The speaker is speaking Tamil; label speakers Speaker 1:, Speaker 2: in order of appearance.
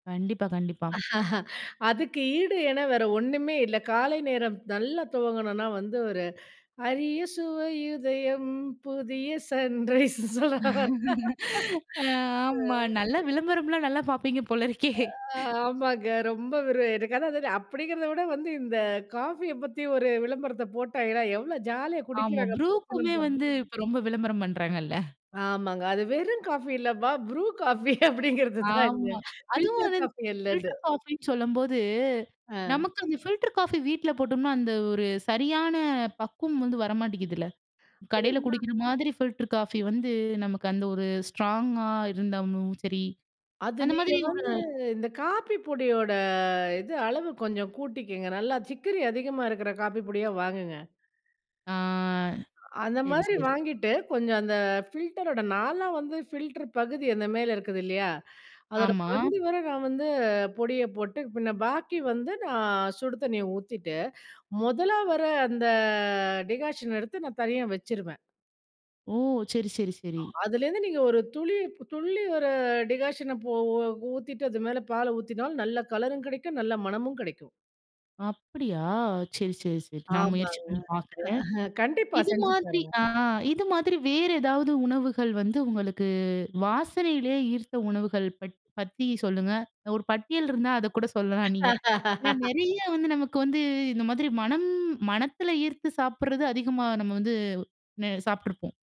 Speaker 1: கண்டிப்பா கண்டிப்பா.
Speaker 2: அதுக்கு ஈடு என வேற ஒண்ணுமே இல்ல. காலை நேரம் நல்லா துவங்கணும்னா வந்து, ஒரு அரிய சுவையுதயம் புதிய சன்ரைஸ்னு சொல்ல வரேன்.
Speaker 1: ஆ, ஆமா.
Speaker 2: ஆ.
Speaker 1: நல்ல விளம்பரம்லாம் நல்லா பார்ப்பீங்க போல இருக்கே.
Speaker 2: ஆ, ஆமாங்க. ரொம்ப ஒரு எனக்கு அதான் அதாவது அப்படிங்கிறத விட வந்து, இந்த காஃபிய பத்தி ஒரு விளம்பரத்த போட்டாய்ங்கன்னா, எவ்வளோ ஜாலியா
Speaker 1: ஆமா,
Speaker 2: குடிக்கிறாங்க புருஷனும்
Speaker 1: BRUக்குமே
Speaker 2: பொண்ணும்.
Speaker 1: வந்து இப்ப ரொம்ப விளம்பரம் பண்றாங்கல்ல!
Speaker 2: ஆமாங்க. அது வெறும் காஃபி இல்லப்பா BRU காஃபி அப்படிங்கறது தான் அங்க.
Speaker 1: ஆமா. அதுவும்
Speaker 2: பில்டர்
Speaker 1: வந்து இந்த
Speaker 2: காஃபி இல்ல அது.
Speaker 1: ஃபில்டர் காஃபின்னு சொல்லம்போது,
Speaker 2: ஆ.
Speaker 1: நமக்கு அந்த ஃபில்டர் காஃபி வீட்ல போட்டோம்னா, அந்த ஒரு சரியான பக்குவம் வந்து வரமாட்டிக்குதுல! கடையில
Speaker 2: ஏன்னா,
Speaker 1: குடிக்கிற மாதிரி ஃபில்டர் காஃபி வந்து, நமக்கு அந்த ஒரு ஸ்ட்ராங்கா இருந்தாலும் சரி
Speaker 2: அது
Speaker 1: அந்த மாரி
Speaker 2: நீங்க
Speaker 1: ஒரு
Speaker 2: வந்து, இந்த காப்பி பொடியோட இது அளவு கொஞ்சம் கூட்டிக்கங்க. நல்லா சிக்கரி அதிகமா இருக்கிற காப்பி பொடியா வாங்குங்க.
Speaker 1: ஆ.
Speaker 2: அந்த
Speaker 1: சரி
Speaker 2: மாதிரி
Speaker 1: சரி.
Speaker 2: வாங்கிட்டு, கொஞ்சம் அந்த ஃபில்டரோட நாலாம் வந்து ஃபில்டர் பகுதி அந்த மேல இருக்குது இல்லையா? அதோடய
Speaker 1: ஆமா.
Speaker 2: பகுதி வர நான் வந்து பொடியை போட்டு, பின்ன பாக்கி வந்து, நான் சுடு தண்ணீய ஊத்திட்டு, மொதலா வர அந்த டிகாஷன் எடுத்து நான் தனியா வச்சுருவேன்.
Speaker 1: ஓ! சரி சரி
Speaker 2: அ
Speaker 1: சரி.
Speaker 2: அதிலிருந்து நீங்க ஒரு துளி துள்ளி ஒரு டிகாஷன போ ஊத்திட்டு, அது மேல பால ஊத்தினால், நல்ல கலரும் கெடைக்கும், நல்ல மணமும் கெடைக்கும்.
Speaker 1: அப்பிடியா! சரி சரி சரி. நான் முயற்சி
Speaker 2: ஆமாங்க.
Speaker 1: பண்ணி பாக்குறேன்.
Speaker 2: கண்டிப்பா,
Speaker 1: இது
Speaker 2: செஞ்சு
Speaker 1: மாதிரி
Speaker 2: பாருங்க.
Speaker 1: ஆ, இது மாதிரி வேறு ஏதாவது உணவுகள் வந்து, உங்களுக்கு வாசனையிலே ஈர்த்த உணவுகள் பற் பத்தி சொல்லுங்க. ஒரு பட்டியல் இருந்தா அதக்கூட சொல்லலாம் நீங்க. ஏனா, நெறைய வந்து நமக்கு வந்து இந்த மாதிரி மனம் மனத்தில ஈர்த்து சாப்பிடுறது அதிகமா நம்ம வந்து ந சாப்ட்டுருப்போம்.